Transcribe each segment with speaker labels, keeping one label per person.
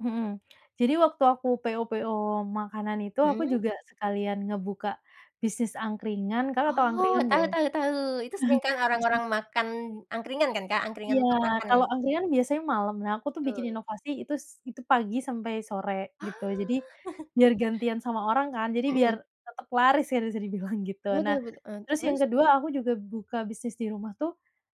Speaker 1: Mhm. Jadi waktu aku PO- PO makanan itu, aku
Speaker 2: Mhm.
Speaker 1: juga sekalian ngebuka bisnis angkringan, Kakak, tahu
Speaker 2: Oh,
Speaker 1: angkringan enggak
Speaker 2: tahu
Speaker 1: ya?
Speaker 2: tahu tahu. Itu sering kan
Speaker 1: isep
Speaker 2: orang-orang makan angkringan kan, Kak? Angkringan
Speaker 1: Iya.
Speaker 2: untuk makanan?
Speaker 1: Kalau angkringan biasanya malam. Nah, aku tuh bikin
Speaker 2: Betul
Speaker 1: inovasi itu s itu pagi sampai sore
Speaker 2: Ah.
Speaker 1: gitu. Jadi biar gantian sama orang kan. Jadi biar
Speaker 2: Mhm.
Speaker 1: tetap laris kan bisa dibilang gitu. Nah,
Speaker 2: Betul betul, ah,
Speaker 1: terus yang
Speaker 2: terus?
Speaker 1: kedua aku juga buka bisnis di rumah tuh,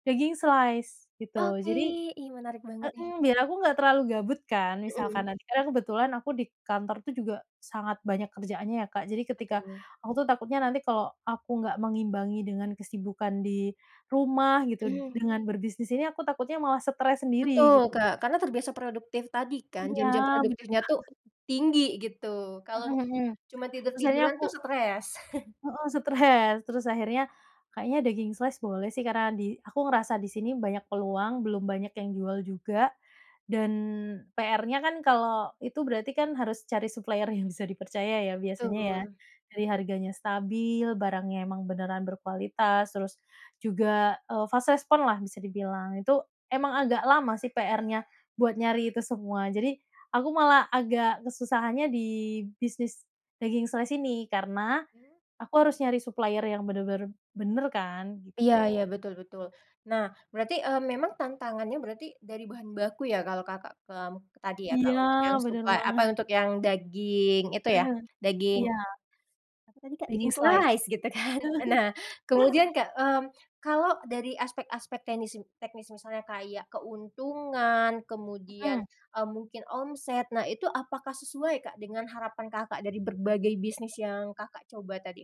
Speaker 1: daging slice gitu.
Speaker 2: Oke,
Speaker 1: Jadi
Speaker 2: ih menarik banget nih.
Speaker 1: mhm, biar aku enggak terlalu gabut kan misalkan
Speaker 2: Mhm.
Speaker 1: nanti karena kebetulan aku di kantor tuh juga sangat banyak kerjaannya ya, Kak. Jadi ketika
Speaker 2: Berdua.
Speaker 1: aku tuh takutnya nanti kalau aku enggak mengimbangi dengan kesibukan di rumah gitu
Speaker 2: Mhm.
Speaker 1: dengan berbisnis ini, aku takutnya malah stres sendiri
Speaker 2: Betul,
Speaker 1: gitu.
Speaker 2: Kak, karena terbiasa produktif tadi kan.
Speaker 1: Iya,
Speaker 2: Jam-jam
Speaker 1: benar
Speaker 2: produktifnya tuh
Speaker 1: banget.
Speaker 2: tinggi gitu. Kalau
Speaker 1: Mhm.
Speaker 2: cuma
Speaker 1: Terus akhirnya
Speaker 2: tidur-tiduran tuh
Speaker 1: aku
Speaker 2: stres.
Speaker 1: Heeh, stress. Terus akhirnya kayaknya daging slice boleh sih karena di aku ngerasa di sini banyak peluang, belum banyak yang jual juga dan PRnya kan kalau itu berarti kan harus cari supplier yang bisa dipercaya ya biasanya ya.
Speaker 2: Betul
Speaker 1: Dari harganya stabil, barangnya emang beneran berkualitas, terus juga, eee, fast respon-lah bisa dibilang. Itu emang agak lama sih PRnya buat nyari itu semua. Jadi aku malah agak kesusahannya di bisnis daging slice ini karena
Speaker 2: Mmm.
Speaker 1: aku harus nyari supplier yang benar-benar benar kan
Speaker 2: Iya iya,
Speaker 1: gitu.
Speaker 2: betul betul. Nah, berarti eee, memang tantangannya berarti dari bahan baku ya kalau Kakak ke, mmm, ke tadi ya, Kak,
Speaker 1: Iya,
Speaker 2: untuk yang
Speaker 1: benar
Speaker 2: supply, apa
Speaker 1: banget.
Speaker 2: untuk yang daging itu ya,
Speaker 1: Mmm.
Speaker 2: daging
Speaker 1: Iya.
Speaker 2: apa tadi, Kak? Daging
Speaker 1: Daging slice
Speaker 2: slice gitu kan. Nah, kemudian, Kak, mmm, kalau dari aspek-aspek teknisi, teknis misalnya kayak keuntungan kemudian,
Speaker 1: Mhm.
Speaker 2: eee, mungkin omset. Nah, itu apakah sesuai, Kak, dengan harapan Kakak dari berbagai bisnis yang Kakak coba tadi?